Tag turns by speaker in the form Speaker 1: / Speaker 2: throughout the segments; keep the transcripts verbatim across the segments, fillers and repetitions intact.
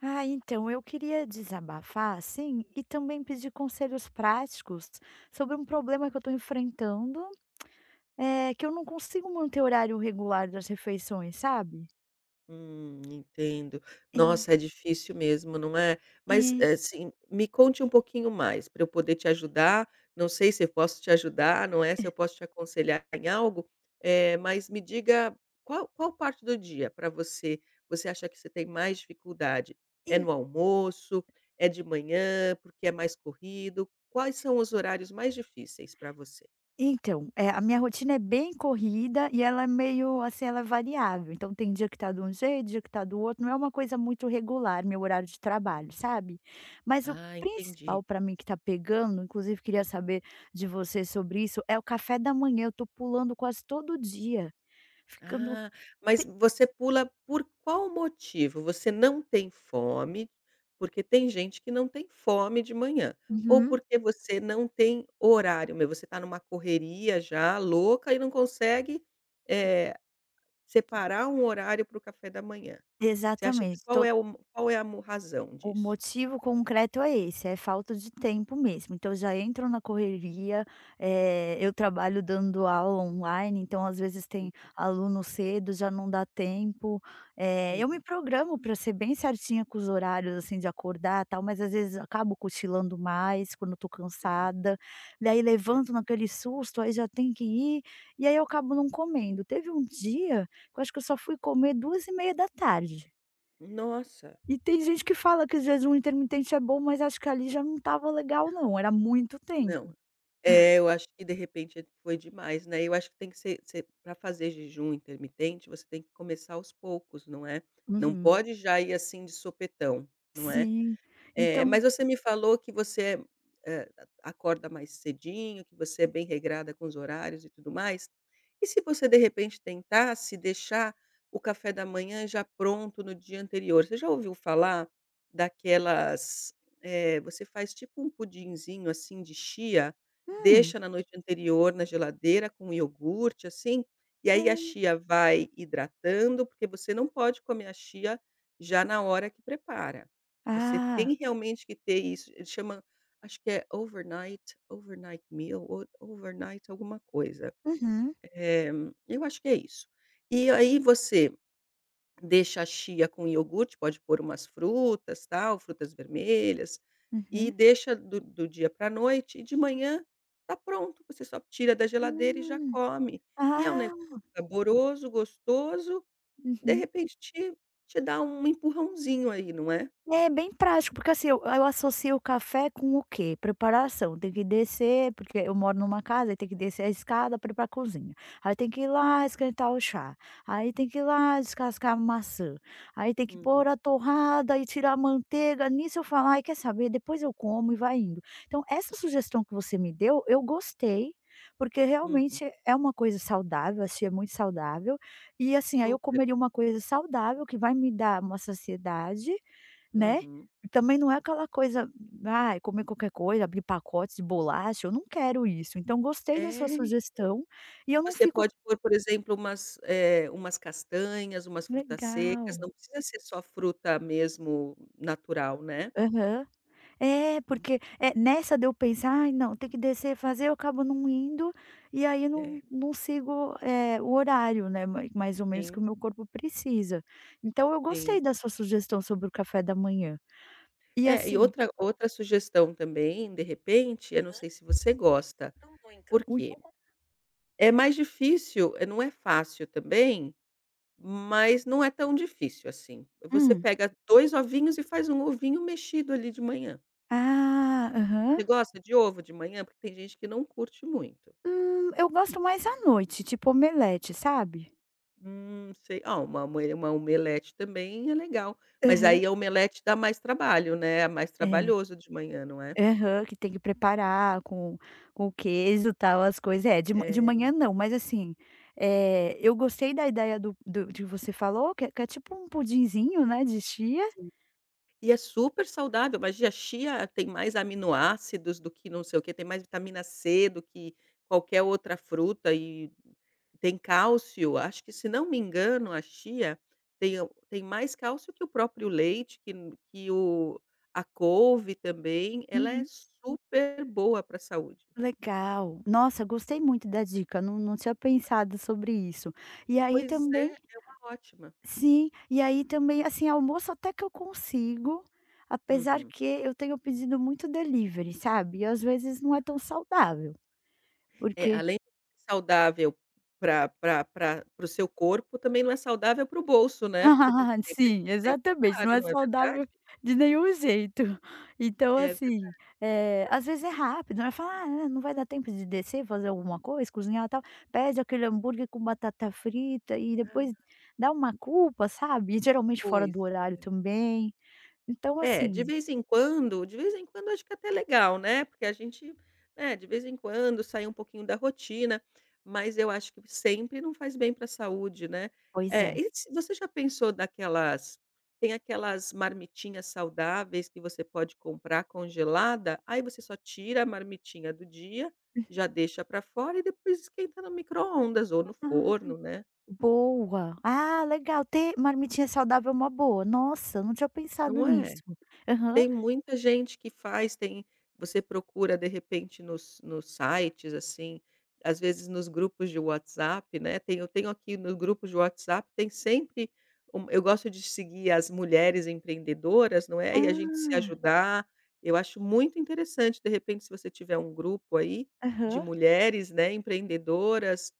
Speaker 1: Ah, então, eu queria desabafar, assim, e também pedir conselhos práticos sobre um problema que eu tô enfrentando. Eh, que eu não consigo manter o horário regular das refeições, sabe.
Speaker 2: Hum, entendo.
Speaker 1: É.
Speaker 2: Nossa, é difícil mesmo, não é. Mas,
Speaker 1: É.
Speaker 2: eh, sim me conte um pouquinho mais, pra eu poder te ajudar. Não sei se eu posso te ajudar, não é, se eu posso te aconselhar em algo, eh, mas me diga qual qual parte do dia pra você, você acha que você tem mais dificuldade? É
Speaker 1: En
Speaker 2: no almoço, é de manhã, porque é mais corrido, quais são os horários mais difíceis pra você?
Speaker 1: Então, eh, a minha rotina é bem corrida e ela é meio, assim, ela é variável, então tem dia que tá de um jeito, dia que tá do outro, não é uma coisa muito regular meu horário de trabalho, sabe. Mas o
Speaker 2: Ah, entendi.
Speaker 1: principal pra mim que tá pegando, inclusive queria saber de você sobre isso, é o café da manhã. Eu tô pulando quase todo dia, ficando
Speaker 2: Ah, mas
Speaker 1: te
Speaker 2: você pula por qual motivo? Você não tem fome? Porque tem gente que não tem fome de manhã. Ou
Speaker 1: Uhum.
Speaker 2: porque você não tem horário mesmo você tá numa correria já louca e não consegue, eh, separar um horário para o café da manhã? Você acha que
Speaker 1: Exatamente,
Speaker 2: qual
Speaker 1: to
Speaker 2: é o mo qual é a mo razão
Speaker 1: O
Speaker 2: disso?
Speaker 1: motivo concreto é esse: é falta de tempo mesmo. Então, eu já entro na correria, eh, eu trabalho dando aula online, então às vezes tem aluno cedo, já não dá tempo. Eh, eu me
Speaker 2: Uhum.
Speaker 1: programo pra ser bem certinha com os horários, assim, de acordar, tal, mas às vezes acabo cochilando mais quando eu tô
Speaker 2: Uhum.
Speaker 1: cansada. Daí
Speaker 2: É
Speaker 1: levanto naquele susto, aí já tem que ir, e aí eu acabo não comendo. Teve um dia que eu acho que eu só fui comer duas e meia da tarde.
Speaker 2: Nossa.
Speaker 1: E tem gente que fala que o jejum intermitente é bom, mas acho que ali já não estava legal não, era muito
Speaker 2: Não.
Speaker 1: tempo.
Speaker 2: É, eu acho que, de repente, foi demais, né. Eu acho que tem que se ser pra fazer jejum intermitente, você tem que começar aos poucos, não é. Não
Speaker 1: Uhum.
Speaker 2: pode já ir assim, de supetão, não é.
Speaker 1: Sim,
Speaker 2: Eh,
Speaker 1: então
Speaker 2: mas você me falou que você, eh, acorda mais cedinho, que você é bem regrada com os horários e tudo mais, e se você de repente tentasse deixar o café da manhã já pronto no dia anterior? Você já ouviu falar daquelas, eh, você faz, tipo, um pudinzinho assim de chia,
Speaker 1: Hum.
Speaker 2: deixa na noite anterior na geladeira com iogurte assim, e aí a
Speaker 1: Hum.
Speaker 2: chia vai hidratando, porque você não pode comer a chia já na hora que prepara, você
Speaker 1: Ah.
Speaker 2: tem realmente que ter isso chama acho que é overnight, overnight meal ou overnight alguma coisa,
Speaker 1: Uhum.
Speaker 2: eh, eu acho que é isso.
Speaker 1: S
Speaker 2: E aí você deixa a chia com iogurte, pode por umas frutas, tal, frutas vermelhas, e
Speaker 1: Uhum.
Speaker 2: deixa do do dia pra noite e de manhã tá pronto, você só tira da geladeira e já
Speaker 1: Hum.
Speaker 2: come. E é um [unintelligible]
Speaker 1: Ah!
Speaker 2: saboroso, gostoso, de
Speaker 1: Uhum.
Speaker 2: repente te te dá um empurrãozinho aí, não é.
Speaker 1: É, bem prático, porque, assim, eu eu associo o café com o que? Preparação. Tem que descer porque eu moro numa casa, aí tem que descer a escada pra ir pra cozinha, aí tem que ir lá esquentar o chá, aí tem que ir lá descascar uma maçã, aí tem que
Speaker 2: Uhum.
Speaker 1: por a torrada e tirar a manteiga, nisso eu falo: "Ai, quer saber? Depois eu como", e vai indo. Então essa sugestão que você me deu, eu gostei, porque
Speaker 2: Uhum.
Speaker 1: realmente é uma coisa saudável, assim, é muito saudável. E, assim, aí eu
Speaker 2: Super.
Speaker 1: comeria uma coisa saudável que vai me dar uma saciedade, né,
Speaker 2: Uhum.
Speaker 1: também não é aquela coisa, ai, comer qualquer coisa, abrir pacotes de bolacha, eu não quero isso. Então gostei da sua
Speaker 2: É.
Speaker 1: sugestão. E eu não
Speaker 2: Você
Speaker 1: fico
Speaker 2: pode por, por exemplo, umas, eh, umas castanhas, umas frutas secas,
Speaker 1: Legal.
Speaker 2: não precisa ser só fruta mesmo natural, né.
Speaker 1: Aham. É, porque, eh, nessa de eu pensar: "Ai, não, tem que descer, fazer", eu acabo não indo. E aí
Speaker 2: É.
Speaker 1: não não sigo, eh, o horário, né, mai mais ou menos que o
Speaker 2: Sim.
Speaker 1: meu corpo precisa. Então eu
Speaker 2: Sim.
Speaker 1: gostei da sua sugestão sobre o café da manhã e,
Speaker 2: É. E
Speaker 1: assim
Speaker 2: outra outra sugestão também, de repente, eu não sei se você gosta,
Speaker 1: Ui!
Speaker 2: porque? É
Speaker 1: [unintelligible]
Speaker 2: mais difícil não é fácil também, mas não é tão difícil assim, você
Speaker 1: Hum.
Speaker 2: pega dois ovinhos e faz um ovinho mexido ali de manhã.
Speaker 1: Ah,
Speaker 2: Você
Speaker 1: aham.
Speaker 2: gosta de ovo de manhã? Porque tem gente que não curte muito.
Speaker 1: Hum, eu gosto mais à noite, tipo omelete, sabe?
Speaker 2: Hum, sei, ah, uma ome uma omelete também é legal, mas
Speaker 1: Aham.
Speaker 2: aí a omelete dá mais trabalho, né. É mais
Speaker 1: É,
Speaker 2: trabalhoso de manhã, não é?
Speaker 1: aham, que tem que preparar com com queijo, tal, as coisa, é, de ma de manhã
Speaker 2: É.
Speaker 1: não, mas assim, eh, eu gostei da ideia do do de você falou, que é que é tipo um pudinzinho, né, de chia.
Speaker 2: Sim, e é supersaudável. Imagina, a chia tem mais aminoácidos do que não sei o quê, tem mais vitamina C do que qualquer outra fruta e tem cálcio. Acho que, se não me engano, a chia tem o tem mais cálcio que o próprio leite, que n que o a couve também. Ela é
Speaker 1: Uhum.
Speaker 2: super boa para a saúde.
Speaker 1: Legal, nossa, gostei muito da dica, não não tinha pensado sobre isso, e aí
Speaker 2: Pois é,
Speaker 1: também
Speaker 2: é uma ótima.
Speaker 1: sim, e aí também assim, almoço até que eu consigo, apesar
Speaker 2: Uhum.
Speaker 1: que eu tenho pedido muito delivery, sabe. E às vezes não é tão saudável,
Speaker 2: É,
Speaker 1: porque
Speaker 2: além saudável para para para-para o seu corpo, também não é saudável para o bolso, né. Porque deve ser
Speaker 1: Sim,
Speaker 2: sempre
Speaker 1: exatamente, não
Speaker 2: caro,
Speaker 1: é
Speaker 2: não é
Speaker 1: saudável
Speaker 2: verdade?
Speaker 1: de nenhum jeito, então
Speaker 2: É verdade.
Speaker 1: assim, eh, às vezes é rápido, aí fala: "Ah, ah, é, não vai dar tempo de descer, fazer alguma coisa, cozinhar, tal." Pede aquele hambúrguer com batata frita e depois
Speaker 2: Ah.
Speaker 1: dá uma culpa, sabe. E geralmente fora
Speaker 2: Pois,
Speaker 1: do horário
Speaker 2: é.
Speaker 1: também, então
Speaker 2: É, de
Speaker 1: assim
Speaker 2: vez em quando de vez em quando acho que é até legal, né. Porque a gente, né, de vez em quando sair um pouquinho da rotina mas eu acho que sempre, não faz bem para a saúde, né,
Speaker 1: Pois
Speaker 2: eh,
Speaker 1: é.
Speaker 2: e você já pensou daquelas tem aquelas marmitinhas saudáveis que você pode comprar congelada, aí você só tira a marmitinha do dia, já deixa para fora e depois esquenta no micro-ondas ou no
Speaker 1: Ai,
Speaker 2: forno, né?
Speaker 1: boa, ah, legal, ter marmitinha saudável é uma boa, nossa, não tinha pensado
Speaker 2: Não
Speaker 1: nisso,
Speaker 2: é?
Speaker 1: aham.
Speaker 2: Tem muita gente que faz. Tem você procura de repente nos nos sites assim, às vezes nos grupos de WhatsApp, né, tem eu tenho aqui nos grupos de WhatsApp, tem sempre eu gosto de seguir as mulheres empreendedoras, não é, e a gente se
Speaker 1: Ah.
Speaker 2: ajudar, eu acho muito interessante, de repente, se você tiver um grupo aí de
Speaker 1: Aham.
Speaker 2: mulheres, né, empreendedoras,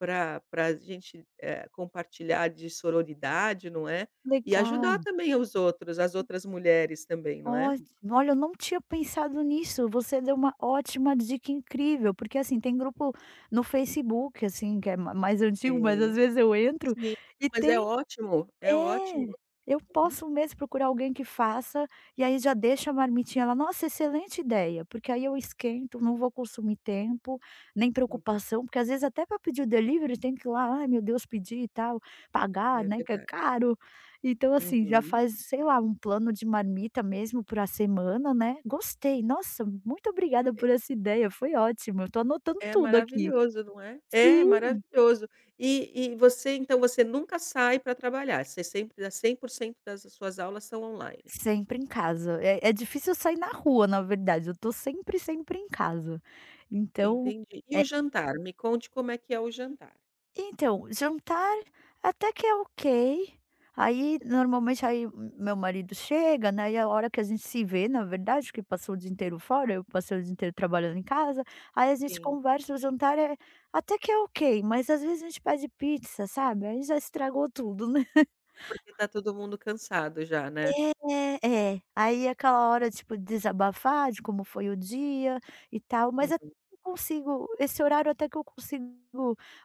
Speaker 2: pra pra a gente, eh, compartilhar de sororidade, não é, e
Speaker 1: Legal.
Speaker 2: ajudar também os outros as outras mulheres também, não é?
Speaker 1: Olhe olha, eu não tinha pensado nisso, você deu uma ótima dica incrível, porque assim, tem grupo no Facebook assim, que é ma mais antigo, mas às
Speaker 2: Sim,
Speaker 1: vezes eu entro
Speaker 2: sim,
Speaker 1: e
Speaker 2: mas é
Speaker 1: tem
Speaker 2: ótimo, é
Speaker 1: eh,
Speaker 2: ótimo,
Speaker 1: eu
Speaker 2: hum.
Speaker 1: posso mesmo procurar alguém que faça e aí já deixa a marmitinha lá. Nossa, excelente ideia! Porque aí eu esquento, não vou consumir tempo, nem
Speaker 2: Uhum.
Speaker 1: preocupação, porque às vezes até para pedir o delivery tem que ir lá, "ai, meu Deus", pedir e tal, pagar,
Speaker 2: É
Speaker 1: né, que é
Speaker 2: verdade.
Speaker 1: caro. Então assim, já
Speaker 2: Uhum.
Speaker 1: faz, sei lá, um plano de marmita mesmo para a semana, né, gostei, nossa, muito obrigada
Speaker 2: É
Speaker 1: por essa ideia, foi ótimo, eu estou anotando
Speaker 2: É
Speaker 1: tudo aqui.
Speaker 2: maravilhoso, não é é
Speaker 1: Sim.
Speaker 2: maravilhoso, e e você então você nunca sai pra trabalhar, você sempre dá cem por cento das suas aulas são online.
Speaker 1: Sempre em casa, é, é difícil eu sair na rua, na verdade, eu tô sempre, sempre em casa, então,
Speaker 2: Entendi, e
Speaker 1: eh
Speaker 2: o jantar? Me conte como é que é o jantar.
Speaker 1: Então, jantar até que é ok. Aí, normalmente, aí m meu marido chega, né, e é a hora que a gente se vê, na verdade, porque passou o dia inteiro fora, eu passei o dia inteiro trabalhando em casa, aí a gente
Speaker 2: Sim.
Speaker 1: conversa. O jantar é até que é ok, mas às vezes a gente pede pizza, sabe, aí já estragou tudo, né?
Speaker 2: Porque tá todo mundo cansado já, né?
Speaker 1: É, é. Aí aquela hora, tipo, desabafar, de como foi o dia e tal, mas até
Speaker 2: Uhum.
Speaker 1: que consigo esse horário até que eu consigo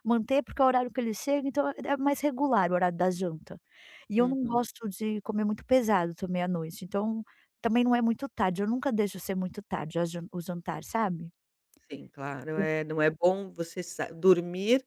Speaker 1: manter porque é o horário que ele chega, então, ah é mais regular o horário da janta. E eu não
Speaker 2: Uhum.
Speaker 1: gosto de comer muito pesado também à noite, então também não é muito tarde. Eu nunca deixo ser muito tarde a jan o jantar, sabe?
Speaker 2: Sim, claro.
Speaker 1: [unintelligible]
Speaker 2: É, não é bom você sa dormir,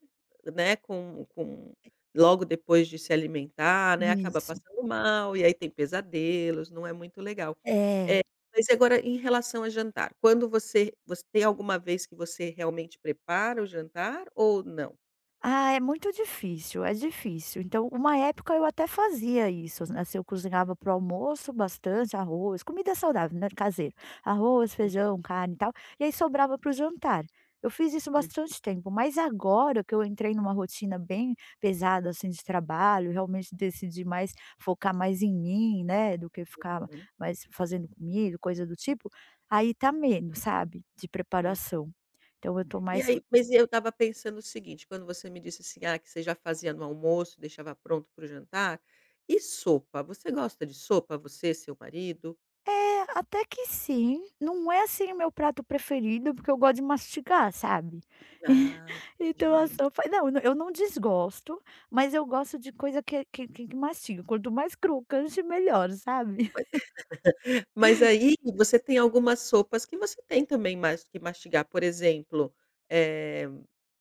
Speaker 2: né, com com logo depois de se alimentar, né, acaba
Speaker 1: Isso.
Speaker 2: passando mal e aí tem pesadelos, não é muito legal.
Speaker 1: É.
Speaker 2: Eh, mas e agora em relação a jantar, quando você você tem alguma vez que você realmente prepara o jantar ou não?
Speaker 1: Ah, é muito difícil, é difícil. Então, uma época eu até fazia isso n assim, eu cozinhava para o almoço bastante arroz, comida saudável, né, caseira, arroz,
Speaker 2: Hum.
Speaker 1: feijão, carne e tal, e aí sobrava para o jantar. Eu fiz isso
Speaker 2: Hum.
Speaker 1: bastante tempo, mas agora que eu entrei numa rotina bem pesada, assim, de trabalho, realmente decidi mais focar mais em mim, né, do que ficar
Speaker 2: Uhum.
Speaker 1: mais fazendo comida e coisa do tipo, aí tá menos, sabe, de
Speaker 2: Uhum.
Speaker 1: preparação. Então, eu tô
Speaker 2: E
Speaker 1: mais f
Speaker 2: aí, pois e eu estava pensando o seguinte, quando você me disse assim, ah, que você já fazia no almoço, deixava pronto para o jantar. E sopa? Você gosta de sopa, você, seu marido?
Speaker 1: É, até que sim. Não é, assim, o meu prato preferido, porque eu gosto de mastigar, sabe.
Speaker 2: Ai,
Speaker 1: Então a
Speaker 2: [unintelligible]
Speaker 1: sopa não, eu não desgosto, mas eu gosto de coisa que que que mastiga, quanto mais crocante, melhor, sabe?
Speaker 2: Ma mas aí você tem algumas sopas que você tem também mais o que mastigar, por exemplo, eh,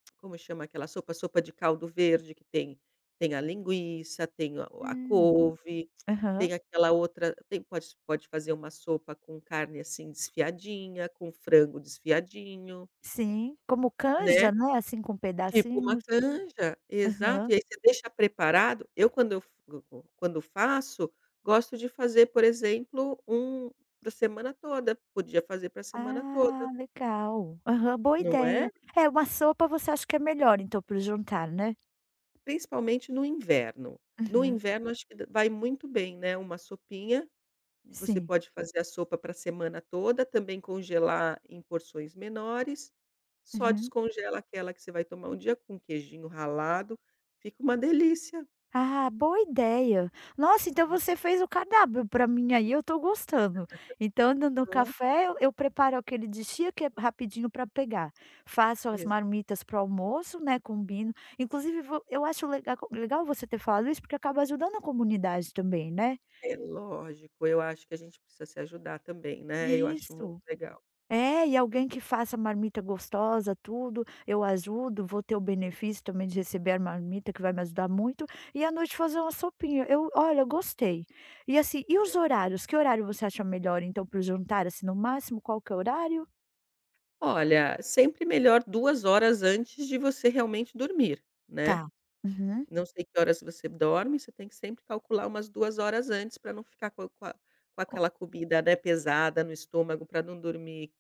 Speaker 2: como chama aquela sopa? Sopa de caldo verde, que tem tem a linguiça, tem o a
Speaker 1: Hum.
Speaker 2: couve, tem
Speaker 1: Aham.
Speaker 2: aquela outra tem pode pode fazer uma sopa com carne, assim, desfiadinha, com frango desfiadinho.
Speaker 1: Sim, como
Speaker 2: Né?
Speaker 1: canja, né, assim com
Speaker 2: Tipo uma
Speaker 1: pedacinhos.
Speaker 2: canja,
Speaker 1: Aham.
Speaker 2: exato. E aí você deixa preparado eu quando eu f go go quando eu faço, gosto de fazer, por exemplo, um pra semana toda, podia fazer pra semana toda.
Speaker 1: Ah, legal! Aham. Boa
Speaker 2: Não é?
Speaker 1: ideia. É, uma sopa você acha que é melhor então, para o jantar, né?
Speaker 2: Principalmente no inverno. No
Speaker 1: Uhum.
Speaker 2: inverno, acho que da vai muito bem, né, uma sopinha. Você
Speaker 1: Sim.
Speaker 2: pode fazer a sopa pra semana toda, também congelar em porções menores. Só
Speaker 1: Uhum.
Speaker 2: descongela aquela que você vai tomar no dia, com queijinho ralado fica uma delícia.
Speaker 1: Ah, boa ideia. Nossa, então você
Speaker 2: Uhum.
Speaker 1: fez o cardápio pra mim aí, eu tô gostando. Então no no
Speaker 2: Não é?
Speaker 1: café eu eu preparo aquele de chia, que é rapidinho pra pegar, faço as
Speaker 2: Exa
Speaker 1: marmitas para o almoço, né, combino inclusive vo eu acho legal legal você ter falado isso, porque acaba ajudando a comunidade também, né.
Speaker 2: É lógico, eu acho que a gente precisa se ajudar também, né. Eu acho muito
Speaker 1: Isso.
Speaker 2: legal.
Speaker 1: É, e alguém que faça marmita gostosa, tudo, eu ajudo, vou ter o benefício também de receber a marmita que vai me ajudar muito e à noite fazer uma sopinha, eu olha, eu gostei. E, assim, e os
Speaker 2: É.
Speaker 1: horários, que horário você acha melhor então, para o jantar, assim, no máximo, qual que é o horário?
Speaker 2: Olha, sempre melhor duas horas antes de você realmente dormir, né.
Speaker 1: Tá. Uhum.
Speaker 2: Não sei que horas você dorme, você tem que sempre calcular umas duas horas antes pra não ficar com com a com
Speaker 1: O
Speaker 2: aquela comida, né, pesada no estômago, pra não dormir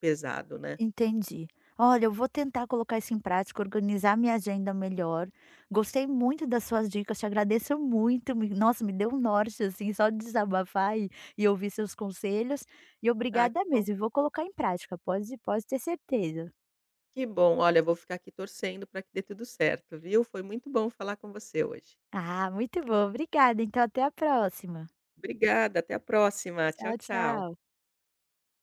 Speaker 2: pesado, né.
Speaker 1: Entendi. Olha, eu vou tentar colocar isso em prática, organizar minha agenda melhor, gostei muito das suas dicas, te agradeço muito, me nossa, me deu um norte, assim, só de desabafar e e ouvir seus conselhos, e
Speaker 2: Ah, que
Speaker 1: obrigada
Speaker 2: bom.
Speaker 1: mesmo, vou colocar em prática, pode pode ter certeza.
Speaker 2: Que bom! Olha, vou ficar aqui torcendo pra que dê tudo certo, viu. Foi muito bom falar com você hoje.
Speaker 1: Ah, muito bom. Obrigada, então até a próxima.
Speaker 2: Obrigada, até a próxima! Tchau,
Speaker 1: Tchau,
Speaker 2: tchau.
Speaker 1: tchau.